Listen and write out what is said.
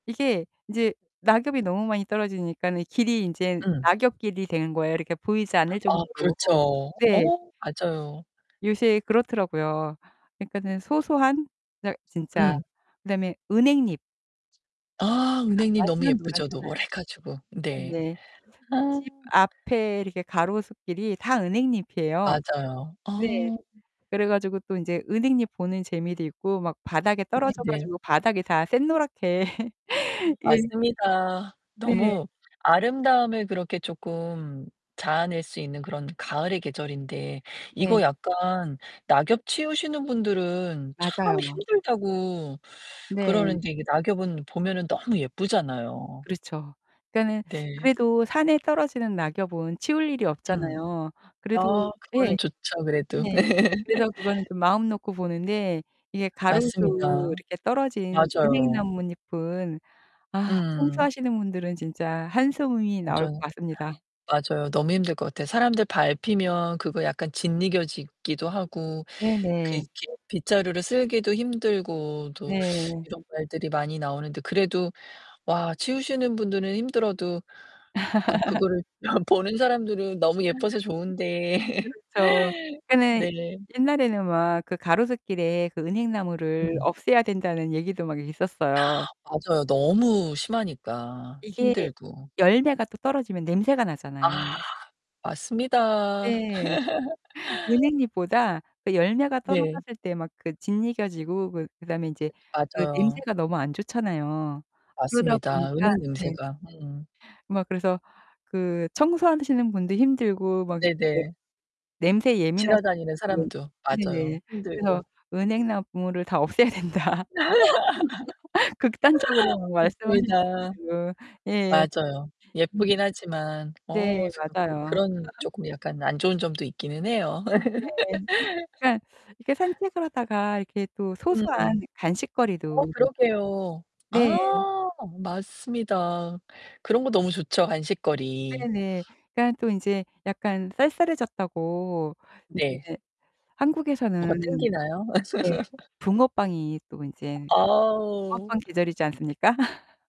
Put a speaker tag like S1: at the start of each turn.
S1: 이게 이제 낙엽이 너무 많이 떨어지니까는 길이 이제
S2: 음.
S1: 낙엽 길이 되는 거예요. 이렇게 보이지 않을
S2: 아
S1: 정도로.
S2: 그렇죠.
S1: 네.
S2: 어. 맞아요.
S1: 요새 그렇더라고요, 그니까는 소소한 그냥 진짜.
S2: 음.
S1: 그 다음에 은행잎.
S2: 아
S1: 아
S2: 은행잎 너무
S1: 완전
S2: 예쁘죠?
S1: 노랗잖아요.
S2: 노래 가지고. 네.
S1: 네.
S2: 아.
S1: 집 앞에 이렇게 가로수길이 다 은행잎이에요.
S2: 맞아요.
S1: 네.
S2: 아.
S1: 그래 가지고 또 이제 은행잎 보는 재미도 있고 막 바닥에 떨어져
S2: 네네.
S1: 가지고 바닥이 다 샛노랗게 예.
S2: 맞습니다.
S1: 네.
S2: 너무 아름다움을 그렇게 조금 자아낼 수 있는 그런 가을의 계절인데 이거
S1: 네.
S2: 약간 낙엽 치우시는 분들은 참
S1: 맞아요.
S2: 힘들다고
S1: 네.
S2: 그러는데 이게 낙엽은 보면은 너무 예쁘잖아요.
S1: 그렇죠. 그니까는
S2: 네.
S1: 그래도 산에 떨어지는 낙엽은 치울 일이
S2: 음.
S1: 없잖아요.
S2: 아.
S1: 그래도
S2: 그거는
S1: 예.
S2: 좋죠, 그래도.
S1: 네. 그래서 그거는 좀 마음 놓고 보는데 이게 가로수
S2: 맞습니다.
S1: 이렇게 떨어진
S2: 맞아요.
S1: 은행나뭇잎은 아
S2: 음.
S1: 청소하시는 분들은 진짜 한숨이 나올 것
S2: 맞아요.
S1: 같습니다.
S2: 맞아요. 너무 힘들 것 같아요. 사람들 밟히면 그거 약간 짓이겨지기도 하고, 그
S1: 네네.
S2: 이렇게 빗자루로 쓸기도 힘들고, 또
S1: 네.
S2: 이런 말들이 많이 나오는데, 그래도 와, 치우시는 분들은 힘들어도 또 그 그거를 보는 사람들은 너무 예뻐서 좋은데.
S1: 그렇죠. 그니까는
S2: 네.
S1: 옛날에는 막 그 가로수길에 그 은행나무를
S2: 음.
S1: 없애야 된다는 얘기도 막 있었어요.
S2: 맞아요. 너무 심하니까,
S1: 이게
S2: 힘들고.
S1: 열매가 또 떨어지면 냄새가
S2: 아.
S1: 나잖아요
S2: 맞습니다.
S1: 네. 은행잎보다 그 열매가 떨어졌을 때 막 그 짓이겨지고 그 그다음에 이제 그
S2: 맞아요.
S1: 냄새가 너무 안 좋잖아요. 그러다
S2: 맞습니다.
S1: 보니까
S2: 은행
S1: 네.
S2: 냄새가. 음.
S1: 막 그래서 그 청소하시는 분도 힘들고 막 이제
S2: 네네.
S1: 냄새 예민하신
S2: 지나다니는
S1: 분들은
S2: 사람도, 맞아요,
S1: 네네 그래서
S2: 힘들고.
S1: "은행나무를 다 없애야 된다." 극단적으로 막 말씀하시는
S2: 맞습니다.
S1: 분들 예.
S2: 맞아요.
S1: 음.
S2: 예쁘긴 하지만
S1: 네.
S2: 어 스 그 그
S1: 맞아요.
S2: 그런 쪼끔 약간 안 좋은 점도 있기는 해요.
S1: 네. 그러니까 이렇게 산책을 하다가 이렇게 또
S2: 음.
S1: 소소한
S2: 어
S1: 간식거리도
S2: 그러게요.
S1: 네.
S2: 아 맞습니다. 그런 거 너무 좋죠, 간식거리.
S1: 네네. 그러니까 또 이제 약간 쌀쌀해졌다고
S2: 네.
S1: 이제
S2: 뭐가
S1: 한국에서는
S2: 땡기나요?
S1: 네 붕어빵이 또 이제
S2: 아우.
S1: 붕어빵 계절이지 않습니까?